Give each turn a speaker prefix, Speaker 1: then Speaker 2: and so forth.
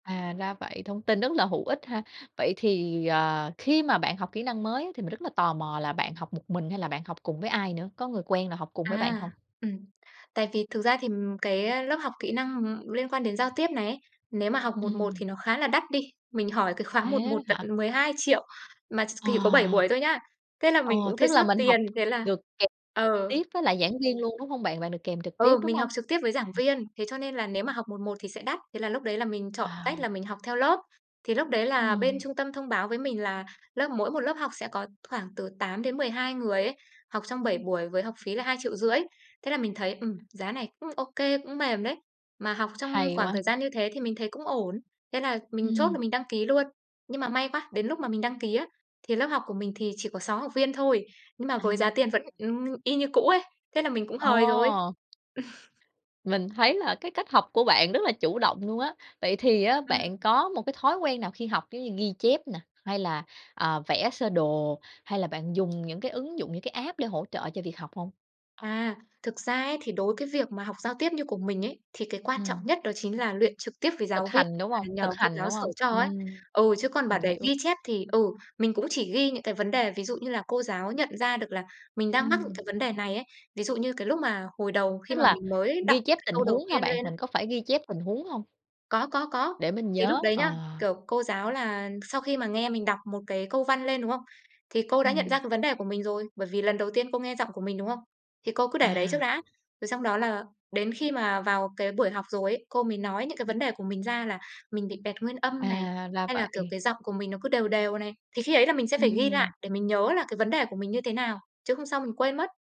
Speaker 1: À, ra vậy, thông tin rất là hữu ích ha. Vậy thì, ờ, khi mà bạn học kỹ năng mới thì mình rất là tò mò là bạn học một mình hay là bạn học cùng với ai nữa? Có người quen nào học cùng với bạn
Speaker 2: À,
Speaker 1: hông?
Speaker 2: ừm. Tại vì thực ra thì cái lớp học kỹ năng, ưm, liên quan đến giao tiếp này ấy, nếu mà học 1:1
Speaker 1: Ừm.
Speaker 2: thì nó khá là đắt đi. Mình hỏi cái khóa một
Speaker 1: Thế đó
Speaker 2: một tận
Speaker 1: hả?
Speaker 2: 12.000.000 mà ch thì có 7
Speaker 1: Ờ.
Speaker 2: buổi thôi nhá. Thế là
Speaker 1: Ờ,
Speaker 2: mình cũng thấy
Speaker 1: tức là
Speaker 2: xót
Speaker 1: mình học
Speaker 2: tiền, thế là
Speaker 1: được kèm trực
Speaker 2: ừ.
Speaker 1: tiếp với lại giảng viên luôn, đúng hông bạn? Bạn được kèm trực tiếp,
Speaker 2: Ừ,
Speaker 1: đúng
Speaker 2: mình học
Speaker 1: hông?
Speaker 2: trực tiếp với giảng viên thế cho nên là nếu mà học 1:1 thì sẽ đắt, thế là lúc đấy là mình chọn tách là
Speaker 1: À.
Speaker 2: mình học theo lớp. Thì lúc đấy là bên
Speaker 1: Ừm.
Speaker 2: trung tâm thông báo với mình là lớp mỗi một lớp học sẽ có khoảng từ 8 đến 12 người ấy, học trong 7
Speaker 1: Ừm.
Speaker 2: buổi với học phí là 2.500.000 thế là mình thấy, ừm, giá này cũng ô kê, cũng mềm đấy. Mà học trong
Speaker 1: Hay
Speaker 2: khoảng
Speaker 1: quá.
Speaker 2: thời gian như thế thì mình thấy cũng ổn, thế là mình chốt
Speaker 1: Ừm.
Speaker 2: là mình đăng ký luôn. Nhưng mà may quá, đến lúc mà mình đăng ký á, thì lớp học của mình thì chỉ có 6 học viên thôi, nhưng mà
Speaker 1: À.
Speaker 2: với giá tiền vẫn, ưm, y như cũ ấy, thế là mình cũng hời rồi.
Speaker 1: Ồ. Mình thấy là cái cách học của bạn rất là chủ động luôn á. Vậy thì á
Speaker 2: Ừm.
Speaker 1: bạn có một cái thói quen nào khi học giống như ghi chép nè, hay là, à, vẽ sơ đồ, hay là bạn dùng những cái ứng dụng những cái app để hỗ trợ cho việc học hông?
Speaker 2: À, thực ra ấy thì đối cái việc mà học giao tiếp như của mình ấy, thì cái quan trọng
Speaker 1: Ừm.
Speaker 2: nhất đó chính là luyện trực tiếp với
Speaker 1: Thực
Speaker 2: giáo viên
Speaker 1: hành, đúng
Speaker 2: và
Speaker 1: hông?
Speaker 2: nhờ
Speaker 1: Thực
Speaker 2: cô
Speaker 1: hành,
Speaker 2: giáo
Speaker 1: đúng
Speaker 2: sửa
Speaker 1: hông?
Speaker 2: cho ấy.
Speaker 1: Ừm,
Speaker 2: Ừ, chứ còn bảo
Speaker 1: mình
Speaker 2: để
Speaker 1: hiểu.
Speaker 2: ghi chép thì, ừ, mình cũng chỉ ghi những cái vấn đề ví dụ như là cô giáo nhận ra được là mình đang mắc những
Speaker 1: Ừm.
Speaker 2: cái vấn đề này ấy. Ví dụ như cái lúc mà hồi đầu khi
Speaker 1: Tức
Speaker 2: mà
Speaker 1: là
Speaker 2: mình mới đọc
Speaker 1: ghi
Speaker 2: một
Speaker 1: chép
Speaker 2: cái
Speaker 1: tình
Speaker 2: câu đầu
Speaker 1: huống hả
Speaker 2: tiên
Speaker 1: bạn,
Speaker 2: lên á
Speaker 1: mình có phải ghi chép tình huống hông?
Speaker 2: Có, có, có.
Speaker 1: Để mình
Speaker 2: Thì lúc
Speaker 1: nhớ,
Speaker 2: đấy
Speaker 1: ờ.
Speaker 2: nhá, kiểu, cô giáo là sau khi mà nghe mình đọc một cái câu văn lên, đúng không? Thì cô đã nhận ra
Speaker 1: Ừm.
Speaker 2: cái vấn đề của mình rồi, bởi vì lần đầu tiên cô nghe giọng của mình, đúng không? Thì cô cứ để đấy trước
Speaker 1: À.
Speaker 2: đã, rồi xong đó là đến khi mà vào cái buổi học rồi ấy, cô mới nói những cái vấn đề
Speaker 1: Ừm.
Speaker 2: của mình ra là mình bị bẹt nguyên âm này,
Speaker 1: À, ra
Speaker 2: hay là, kiểu,
Speaker 1: vậy.
Speaker 2: cái giọng của mình nó cứ đều đều này. Thì khi ấy là mình sẽ phải ghi lại
Speaker 1: Ừm.
Speaker 2: để mình nhớ là cái vấn đề của mình như thế nào, chứ hôm sau mình quên mất.